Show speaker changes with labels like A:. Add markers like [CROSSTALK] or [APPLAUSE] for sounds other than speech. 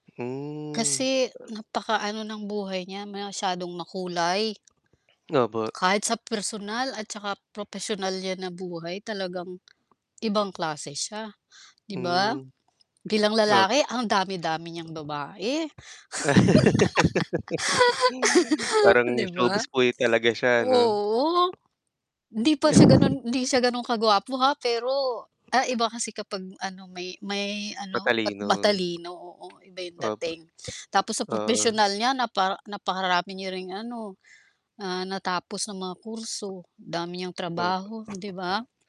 A: Hmm.
B: Kasi, napakaano ng buhay niya, masyadong makulay.
A: Opo.
B: Kahit sa personal at 'tsaka propesyonal niya na buhay talagang ibang klase siya, 'di ba?
A: Hmm,
B: Bilang lalaki
A: opo.
B: ang dami-dami niyang babae.
A: [LAUGHS]
B: [LAUGHS]
A: Parang
B: 'Di ba?
A: showbiz boy talaga
B: [SNIFFS]
A: siya 'no?
B: Oo, hindi pa siya ganun,
A: [CHUCKLES]
B: hindi siya ganun kaguwapo ha, pero, ah, iba kasi kapag ano may, may ano at
A: Matalino.
B: matalino, oo, iba yung
A: Opo,
B: dating tapos sa
A: ah.
B: propesyonal niya napa napakarami niya ring ano, ah, natapos ng mga kurso dami niyang
A: Opo.
B: trabaho, 'di ba?